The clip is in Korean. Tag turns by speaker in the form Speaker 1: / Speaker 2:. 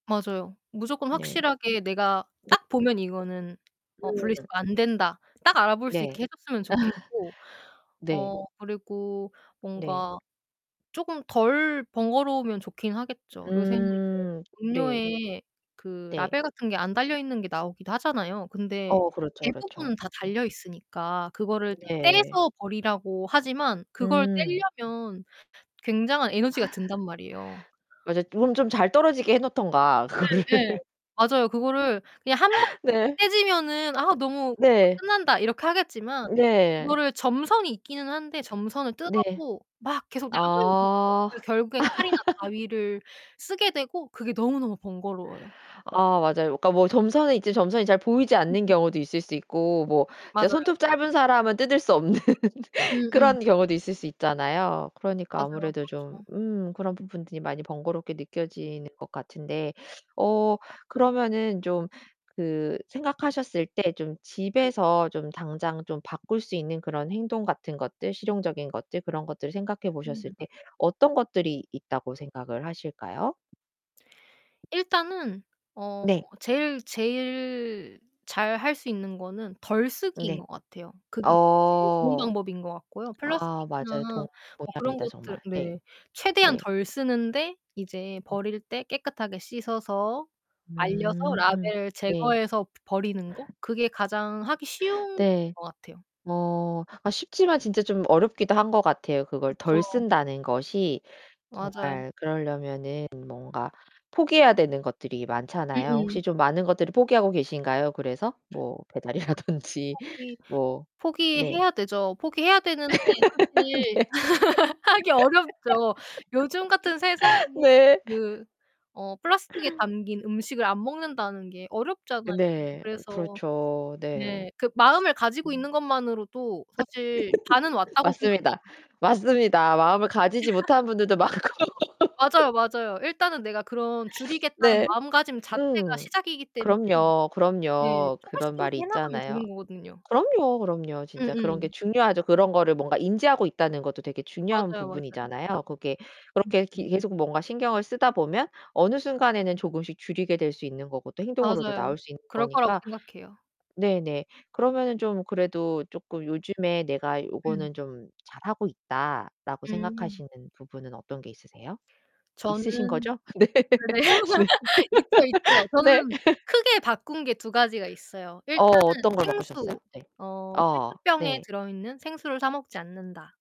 Speaker 1: 맞아요. 무조건
Speaker 2: 네.
Speaker 1: 확실하게 내가 딱 보면 '이거는 어
Speaker 2: 음.
Speaker 1: 분리수거 안된다.' 딱 알아볼 수
Speaker 2: 네.
Speaker 1: 있게 해 줬으면 좋겠고,
Speaker 2: 네.
Speaker 1: 어 그리고
Speaker 2: 네.
Speaker 1: 뭔가 조금 덜 번거로우면 좋긴 하겠죠. 요새는 이제
Speaker 2: 음 네.
Speaker 1: 음료에 그
Speaker 2: 네.
Speaker 1: 라벨 같은 게 안 달려 있는 게 나오기도 하잖아요. 근데
Speaker 2: 어 그렇죠,
Speaker 1: 대부분은
Speaker 2: 그렇죠.
Speaker 1: 다
Speaker 2: 네.
Speaker 1: 달려 있으니까 그거를
Speaker 2: 네.
Speaker 1: 떼서 버리라고 하지만 그걸
Speaker 2: 음.
Speaker 1: 떼려면 굉장한 에너지가 든단 말이에요.
Speaker 2: 맞아. 그럼 좀 잘 떨어지게 해 놓든가,
Speaker 1: 네
Speaker 2: 그거를.
Speaker 1: 네. 맞아요. 그거를 그냥 한번에
Speaker 2: 네.
Speaker 1: 떼지면은 아 너무 [unintelligible]
Speaker 2: 네.
Speaker 1: 끝난다 이렇게 하겠지만
Speaker 2: 네.
Speaker 1: 그거를 점선이 있기는 한데 점선을
Speaker 2: 네.
Speaker 1: 뜯어도 막 계속 남은 [unintelligible]
Speaker 2: 어.
Speaker 1: 그래서 결국엔 칼이나 가위를 쓰게 되고 그게 너무너무 번거로워요.
Speaker 2: 아 맞아요. 그러니까 뭐 점선이 있지 점선이 잘 보이지 않는
Speaker 1: [unintelligible]
Speaker 2: 경우도 있을 수 있고. 뭐 진짜
Speaker 1: 맞아요.
Speaker 2: 손톱 짧은 사람은 뜯을 수 없는
Speaker 1: 음음.
Speaker 2: 그런 경우도 있을 수 있잖아요. 그러니까
Speaker 1: 맞아요.
Speaker 2: 아무래도 좀
Speaker 1: 그렇죠.
Speaker 2: 음 그런 부분들이 많이 번거롭게 느껴지는 것 같은데 어 그러면은 좀 그 생각하셨을 때 좀
Speaker 1: 네.
Speaker 2: 집에서 좀 당장 좀 바꿀 수 있는 그런 행동 같은 것들, 실용적인 것들, 그런 것들을 생각해 보셨을
Speaker 1: 음.
Speaker 2: 때 어떤 것들이 있다고 생각을 하실까요?
Speaker 1: 일단은 어
Speaker 2: 네.
Speaker 1: 제일 제일 잘 할 수 있는 거는 덜 쓰기인
Speaker 2: 네.
Speaker 1: 것 같아요. 그게 제일 좋은
Speaker 2: 어.
Speaker 1: 방법인 것 같고요.
Speaker 2: 아
Speaker 1: 플라스틱이나
Speaker 2: 맞아요. 동
Speaker 1: 뭐 그런
Speaker 2: 동의합니다,
Speaker 1: 것들
Speaker 2: 정말. 네.
Speaker 1: 네. 최대한
Speaker 2: 네.
Speaker 1: 덜 쓰는데 이제 버릴 때 깨끗하게 씻어서, 말려서
Speaker 2: 음
Speaker 1: 라벨을
Speaker 2: 네.
Speaker 1: 제거해서 버리는 거? 그게 가장 하기 쉬운
Speaker 2: 네.
Speaker 1: 것 같아요.
Speaker 2: 뭐 아 쉽지만 진짜 좀 어렵기도 한 것 같아요. 그걸 덜
Speaker 1: 그쵸.
Speaker 2: 쓴다는 것이
Speaker 1: 맞아요.
Speaker 2: 정말 그러려면은 뭔가 포기해야 되는 것들이 많잖아요. 혹시
Speaker 1: 음음.
Speaker 2: 좀 많은 것들을 포기하고 계신가요, 그래서? 뭐 배달이라든지.
Speaker 1: 포기
Speaker 2: 뭐 네.
Speaker 1: 포기해야 되죠. 포기해야 되는데 사실
Speaker 2: 네.
Speaker 1: 하기 어렵죠. 요즘 같은 세상에
Speaker 2: 네.
Speaker 1: 그 어 플라스틱에 담긴 음식을 안 먹는다는 게
Speaker 2: 어
Speaker 1: 어렵잖아요.
Speaker 2: 네.
Speaker 1: 그래서
Speaker 2: 그렇죠. 네.
Speaker 1: 네. '그 마음을 가지고 있는 것만으로도 사실 반은 왔다.'고
Speaker 2: 맞습니다,
Speaker 1: 생각해요.
Speaker 2: 맞습니다. 마음을 가지지 못하는 분들도 많고.
Speaker 1: 맞아요, 맞아요. 일단은 내가 그런 줄이겠다는
Speaker 2: 네.
Speaker 1: 마음가짐 자체가
Speaker 2: 음.
Speaker 1: 시작이기 때문에
Speaker 2: 그럼요,
Speaker 1: 네
Speaker 2: 그럼요.
Speaker 1: 조금씩
Speaker 2: 그런
Speaker 1: 조금씩
Speaker 2: 말이
Speaker 1: 해 나가면
Speaker 2: 있잖아요.
Speaker 1: 되는 거거든요.
Speaker 2: 그럼요, 그럼요. 진짜 그런 게
Speaker 1: 음음.
Speaker 2: 중요하죠. 그런 거를 뭔가 인지하고 있다는 것도 되게 중요한
Speaker 1: 맞아요, 맞아요.
Speaker 2: 부분이잖아요. 그게
Speaker 1: 음
Speaker 2: 그렇게 계
Speaker 1: 음.
Speaker 2: 계속 뭔가 신경을 쓰다 보면 어느 순간에는 조금씩 줄이게 될 수 있는 거고 또 행동으로도
Speaker 1: 맞아요.
Speaker 2: 나올 수 있는
Speaker 1: 그럴 거라고
Speaker 2: 거니까.
Speaker 1: 생각해요.
Speaker 2: 네네. 그러면은 좀 그래도 쪼끔 요즘에 내가
Speaker 1: 음.
Speaker 2: '요거는 좀 잘하고 있다.'라고
Speaker 1: 음.
Speaker 2: 생각하시는 부분은 어떤 게 있으세요?
Speaker 1: 저는
Speaker 2: 있으신거죠? 네.
Speaker 1: 네.
Speaker 2: 네.
Speaker 1: 있죠, 있죠. 저는
Speaker 2: 네.
Speaker 1: 크게 바꾼 게 두 가지가 있어요.
Speaker 2: 어
Speaker 1: 일단은
Speaker 2: 어떤 걸 바꾸셨어요?
Speaker 1: 생수.
Speaker 2: 네.
Speaker 1: 어
Speaker 2: 어
Speaker 1: '페트병에
Speaker 2: 네.
Speaker 1: 들어있는 생수를 사 먹지 않는다.'